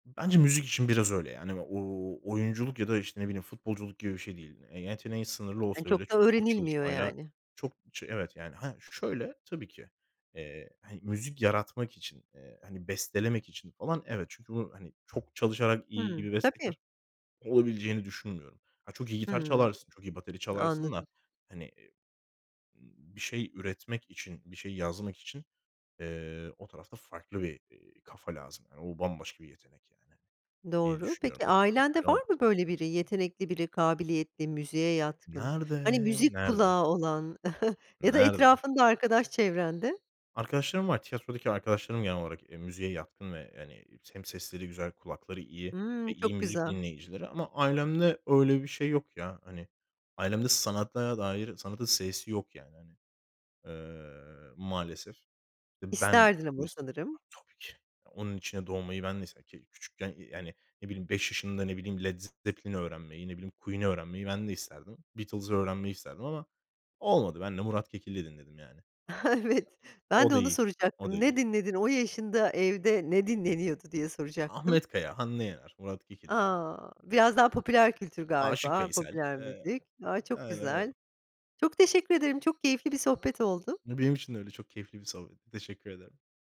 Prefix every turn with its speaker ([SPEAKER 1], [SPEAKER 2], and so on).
[SPEAKER 1] Bence müzik için biraz öyle yani. O o oyunculuk ya da, işte, ne bileyim, futbolculuk gibi bir şey değil. Eee, yeteneğin sınırlı
[SPEAKER 2] Hani,
[SPEAKER 1] olsa bile
[SPEAKER 2] çok da
[SPEAKER 1] çok
[SPEAKER 2] öğrenilmiyor
[SPEAKER 1] çalışmayla
[SPEAKER 2] yani.
[SPEAKER 1] çok, şey, evet yani. Hah, şöyle, tabii ki. Eee, hani, müzik yaratmak için, eee, hani, bestelemek için falan, evet. Çünkü o, hani, çok çalışarak iyi
[SPEAKER 2] Hımm,
[SPEAKER 1] bir
[SPEAKER 2] tabii.
[SPEAKER 1] bestekâr olabileceğini düşünmüyorum. Ha çok iyi gitar
[SPEAKER 2] Hımm.
[SPEAKER 1] çalarsın. Çok iyi bateri çalarsın
[SPEAKER 2] Anladım.
[SPEAKER 1] da, hani, iii, iii, bir şey üretmek için bir şey yazmak için, eee, o tarafta farklı bir, eee, kafa lazım. O bambaşka bir yetenek yani diye
[SPEAKER 2] oğru.
[SPEAKER 1] düşünüyorum.
[SPEAKER 2] Peki
[SPEAKER 1] O çok
[SPEAKER 2] ailende
[SPEAKER 1] çalışmayla
[SPEAKER 2] var
[SPEAKER 1] olmaz.
[SPEAKER 2] mı böyle biri, yetenekli biri kabiliyetli müziğe yatkın hani
[SPEAKER 1] Nerede?
[SPEAKER 2] müzik
[SPEAKER 1] Nerede?
[SPEAKER 2] kulağı olan ya da
[SPEAKER 1] Nerede?
[SPEAKER 2] etrafında arkadaş çevrende?
[SPEAKER 1] Arkadaşlarım var. Tiyatrodaki arkadaşlarım genel olarak, eee, müziğe yatkın ve, hani, hem sesleri güzel, kulakları iyi ve
[SPEAKER 2] Hımm.
[SPEAKER 1] iyi
[SPEAKER 2] Çok
[SPEAKER 1] müzik
[SPEAKER 2] güzel
[SPEAKER 1] dinleyicileri ama ailemde öyle bir şey yok ya, hani. Ailemde sanata dair, sanatın s'si yok yani, hani, eee, maalesef. Eee, ben,
[SPEAKER 2] İsterdin ama
[SPEAKER 1] [unintelligible]
[SPEAKER 2] sanırım.
[SPEAKER 1] tabii ki, onun içine doğmayı ben de ise ke küçükken, iii, eee, hani ne bileyim 5 yaşında, ne bileyim, Led Z Zepplin'i öğrenmeyi, ne bileyim, Queen öğrenmeyi ben de isterdim. Beatles'ı öğrenmeyi isterdim ama olmadı. Ben de Murat Kekilli dinledim yani.
[SPEAKER 2] Evet, ben
[SPEAKER 1] O
[SPEAKER 2] de
[SPEAKER 1] da
[SPEAKER 2] onu
[SPEAKER 1] iyi, o da
[SPEAKER 2] soracaktım. Ne
[SPEAKER 1] iyi.
[SPEAKER 2] dinledin? O yaşında evde ne dinleniyordu diye soracaktım.
[SPEAKER 1] Ahmet Kaya, Hande Yener, Murat Kekilli.
[SPEAKER 2] A! Biraz daha popüler kültür
[SPEAKER 1] Aşık
[SPEAKER 2] galiba,
[SPEAKER 1] Veysel,
[SPEAKER 2] popüler
[SPEAKER 1] eee,
[SPEAKER 2] müzik. A! Çok
[SPEAKER 1] aynen öyle.
[SPEAKER 2] güzel. Çok teşekkür ederim, çok keyifli bir sohbet oldu.
[SPEAKER 1] Iıı, benim için de öyle çok keyifli bir sohbetti. Teşekkür ederim.